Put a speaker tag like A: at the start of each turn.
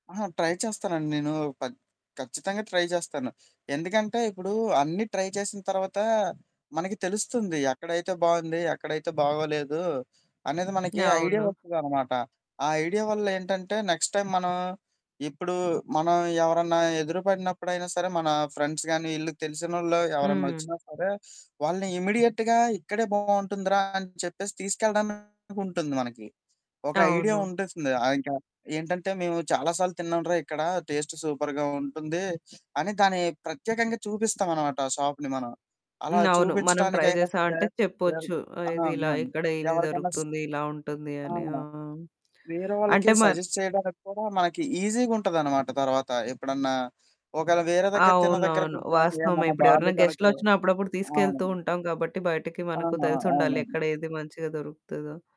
A: ఆహా! ట్రై చేస్తానండి. నేను పద్ ఖచ్చితంగా ట్రై చేస్తాను. ఎందుకంటే, ఇప్పుడు అన్నీ ట్రై చేసిన తర్వాత మనకి తెలుస్తుంది. ఎక్కడైతే బావుంది? ఎక్కడైతే బాగోలేదు? అనేది మనకి ఐడియా
B: అవును.
A: వస్తదనమాట. ఆ ఐడియా వల్ల ఏంటంటే నెక్స్ట్ టైమ్ మనం ఇప్పుడు మనం ఎవరన్నా ఎదురుపడినప్పుడైనా సరే మన ఫ్రెండ్స్ గానీ, వీళ్ళు తెలిసినోళ్ళు ఎవరన్నా
B: హ్మ్.
A: ఓచ్చినా సరే, వాళ్ళని ఇమ్మీడియేట్‌గా ఇక్కడే బావుంటుందిరా అని చెప్పేసి తీసుకెళ్లడానికుంటుంది మనకి. ఒక ఐడియా
B: అవును.
A: ఉంటుంది. ఆ! ఇంక ఏంటంటే "మేము చాలా సార్లు తిన్నాంరా ఇక్కడ. టేస్టు సూపర్‌గా ఉంటుంది" అని దాన్ని ప్రత్యేకంగా చూపిస్తామనమాట ఆ షాప్‌ని మనం. అలా
B: హ్మ్. అవును. మనం ట్రై
A: చూపిచ్చటానికైనా సరే
B: జేశామంటే
A: దానికి
B: చెప్పొచ్చు.
A: ఆ!
B: ఇది ఇలా,
A: అవునండి.
B: ఇక్కడ ఇది
A: ఎవ్వరికైనా స్
B: దొరుకుతుంది, ఇలా ఉంటుంది అని. ఆ!
A: అవును. వేరే వాళ్ళకి
B: అంటే మర్
A: సజెస్ట్ చేయడానికి కూడా మనకి ఈజీగుంటదనమాట తర్వాత. ఎప్పుడన్నా ఒకవేళ వేరే దగ్గర తిన్న దగ్గర
B: అవునవును.
A: కొంచం
B: వాస్తవమే.
A: ఏదన్నా
B: ఇప్పుడేవరన్నా
A: బాలేదనుకో
B: గెస్టులోచ్చినా అప్పుడప్పుడు
A: అవును.
B: తీసుకెళ్తూ ఉంటాం గాబట్టి బయటికి మనకు
A: అవును.
B: తెలిసుండాలి.
A: అవునండి.
B: ఎక్కడ ఏది మంచిగా దొరుకుతదో.